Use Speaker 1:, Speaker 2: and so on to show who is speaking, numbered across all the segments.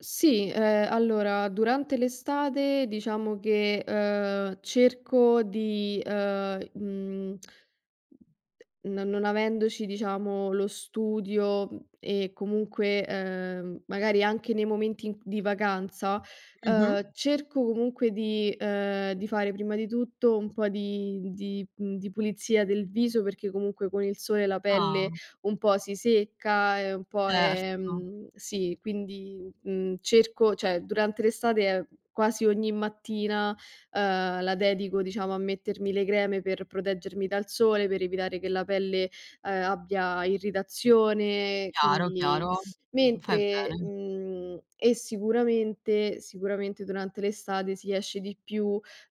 Speaker 1: Sì, ehm, allora, durante l'estate diciamo che, uhm, cerco di, uhm, mhmm no non avendoci, diciamo, lo studio, mhmm, e comunque, ehm, magari anche nei momenti in di vacanza,
Speaker 2: Mm-mh.
Speaker 1: uhm, cerco comunque di ehm, di fare prima di tutto un po' di mhmm, di mhmm, di pulizia del viso, perché comunque con il sole la
Speaker 2: Ah!
Speaker 1: pelle un po' si secca e un po'
Speaker 2: Certo.
Speaker 1: ehm, sì, quindi, mhmm, cerco cioè durante l'estate quasi ogni mattina, uhm, la dedico, diciamo, a mettermi le creme per proteggermi dal sole, per evitare che la pelle, ehm, abbia irritazione,
Speaker 2: Chiaro,
Speaker 1: quindi
Speaker 2: chiaro. Fai
Speaker 1: mentre
Speaker 2: bene.
Speaker 1: mhmm, e sicuramente sicuramente durante l'estate si esce di più,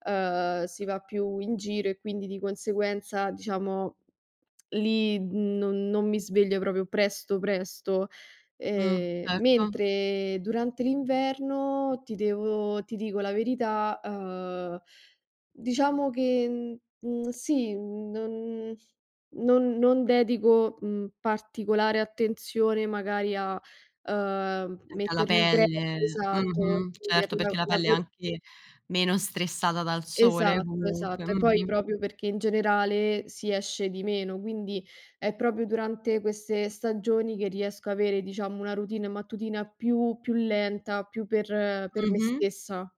Speaker 1: uhm, si va più in giro e quindi di conseguenza, diciamo, lì non non mi sveglio proprio presto, presto.
Speaker 2: Mh,
Speaker 1: Ehm,
Speaker 2: certo.
Speaker 1: mentre durante l'inverno, ti devo ti dico la verità, uhm, diciamo che, mhmm, sì, mhmm, non non non dedico, mhmm, particolare attenzione magari a, uhm,
Speaker 2: Anche alla
Speaker 1: mettermi creme,
Speaker 2: pelle,
Speaker 1: esatto,
Speaker 2: mh-mh.
Speaker 1: per
Speaker 2: Certo, perché
Speaker 1: la
Speaker 2: la
Speaker 1: la
Speaker 2: pelle è
Speaker 1: cu
Speaker 2: anche meno stressata dal sole,
Speaker 1: Esatto,
Speaker 2: comunque,
Speaker 1: esatto. E poi
Speaker 2: mh-mh.
Speaker 1: proprio perché, in generale, si esce di meno, quindi è proprio durante queste stagioni che riesco a avere, diciamo, una routine mattutina più più lenta, più per per me
Speaker 2: Mh-mh.
Speaker 1: stessa.